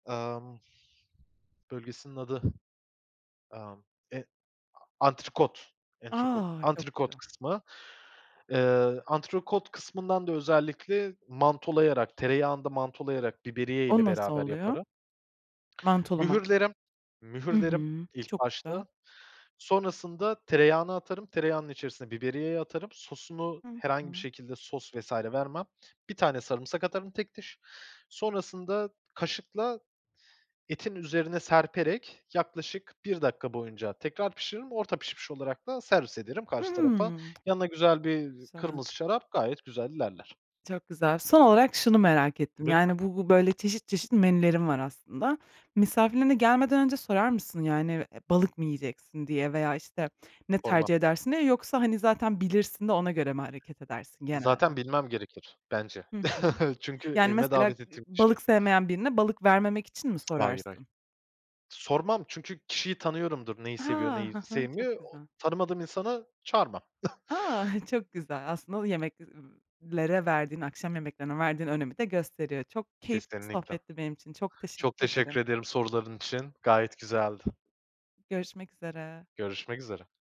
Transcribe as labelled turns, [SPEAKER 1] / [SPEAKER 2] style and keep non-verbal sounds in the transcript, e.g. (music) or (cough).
[SPEAKER 1] Emm. Bölgesinin adı, emm, e a antrikot, antrikot,
[SPEAKER 2] A! Çok
[SPEAKER 1] antrikot
[SPEAKER 2] güzel.
[SPEAKER 1] kısmı. Eee, antrikot kısmından da, özellikle, mantolayarak, tereyağında mantolayarak, biberiye ile
[SPEAKER 2] O nasıl
[SPEAKER 1] beraber
[SPEAKER 2] oluyor?
[SPEAKER 1] yaparım.
[SPEAKER 2] Mantolamak.
[SPEAKER 1] Mühürlerim
[SPEAKER 2] Hı
[SPEAKER 1] mühürlerim
[SPEAKER 2] hı.
[SPEAKER 1] ilk
[SPEAKER 2] Çok güzel.
[SPEAKER 1] başta. Sonrasında tereyağına atarım. Tereyağının içerisine biberiyeyi atarım. Sosunu
[SPEAKER 2] Hı
[SPEAKER 1] herhangi bir
[SPEAKER 2] hı.
[SPEAKER 1] şekilde, sos, vs. vermem. 1 tane sarımsak atarım tek diş. Sonrasında kaşıkla etin üzerine serperek yaklaşık 1 dakika boyunca tekrar pişiririm. Orta pişmiş olarak da servis ederim
[SPEAKER 2] Hı hı.
[SPEAKER 1] karşı tarafa.
[SPEAKER 2] Hımm.
[SPEAKER 1] Yanına güzel
[SPEAKER 2] Çok
[SPEAKER 1] bir
[SPEAKER 2] güzel.
[SPEAKER 1] kırmızı şarap gayet güzel ilerler.
[SPEAKER 2] Çok güzel. Son olarak şunu merak ettim,
[SPEAKER 1] Lütfen.
[SPEAKER 2] yani, bu bu, böyle, çeşit, çeşit menülerin var aslında.
[SPEAKER 1] Hı hı.
[SPEAKER 2] Misafirlerine gelmeden önce sorar mısın, yani, eee, balık mı yiyeceksin diye veya, işte, ne
[SPEAKER 1] Sormam.
[SPEAKER 2] tercih edersin diye? Yoksa, hani, zaten bilirsin de ona göre mi hareket edersin
[SPEAKER 1] Zaten,
[SPEAKER 2] genelde?
[SPEAKER 1] bilmem gerekir, bence.
[SPEAKER 2] Hı hı.
[SPEAKER 1] (chuckles) Çünkü
[SPEAKER 2] Yani,
[SPEAKER 1] evime
[SPEAKER 2] mesela,
[SPEAKER 1] davet
[SPEAKER 2] eee,
[SPEAKER 1] ettiğim kişi.
[SPEAKER 2] balık sevmeyen birine balık vermemek için mi
[SPEAKER 1] (tsk) Hayır, hayır.
[SPEAKER 2] sorarsın?
[SPEAKER 1] Sormam. Çünkü kişiyi tanıyorumdur neyi
[SPEAKER 2] He.
[SPEAKER 1] seviyor,
[SPEAKER 2] Ha
[SPEAKER 1] neyi
[SPEAKER 2] ha, çok
[SPEAKER 1] sevmiyor, o
[SPEAKER 2] güzel.
[SPEAKER 1] tanımadığım insanı çağırmam. (chuckles)
[SPEAKER 2] A! (chuckles) Çok güzel. Aslında, o yemek ıı lere verdiğin, akşam yemeklerine verdiğin önemi de gösteriyor. Çok keyifli bir
[SPEAKER 1] Kesinlikle.
[SPEAKER 2] sohbetti benim için. Çok
[SPEAKER 1] Çok
[SPEAKER 2] teşekkür ederim.
[SPEAKER 1] teşekkür ederim soruların için. Gayet güzeldi.
[SPEAKER 2] Görüşmek üzere.
[SPEAKER 1] Görüşmek üzere.